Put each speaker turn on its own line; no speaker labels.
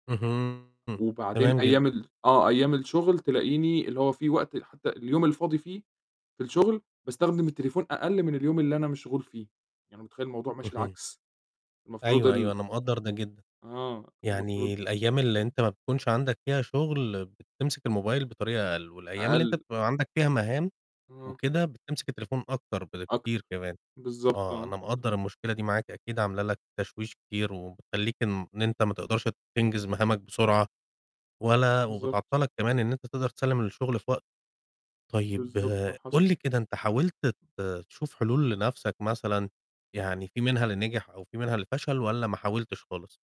اهم.
وبعدين
تمام
أيام
جدًا.
ال آه. أيام الشغل تلاقيني اللي هو فيه وقت حتى اليوم الفاضي فيه في الشغل باستخدم التليفون أقل من اليوم اللي أنا مشغول فيه، يعني متخيِّل الموضوع ماشي
اهم.
العكس، المفروض
أيوه، أيوه،
ال
أنا مقدَّر ده جدًا.
آه، المفروض
يعني الأيام اللي أنت ما بتكونش عندك فيها شغل بتمسك الموبايل بطريقة أقل، والأيام اللي أنت
أقل.
بتبقى عندك فيها مهام
آه.
وكده بتمسك التليفون أكتر
أكتر.
بكتير كمان.
بالضبط آه.
آه،
إمم.
أنا مقدَّر المشكلة دي معاك، أكيد عاملة لك تشويش كتير وبتخلّيك إن أنت ما تقدَرش تنجز مهامك بسرعة ولا
بالضبط.
وبتعطَّلك كمان إن أنت تقدَر تسلِّم الشغل في وقته. طيب
بالضبط، آه حصل.
قُل لي كده أنت حاولت ت تشوف حلول لنَفْسك مثلًا، يعني فيه منها اللي نجح أو فيه منها اللي فشل والّا ما حاولتش خالص؟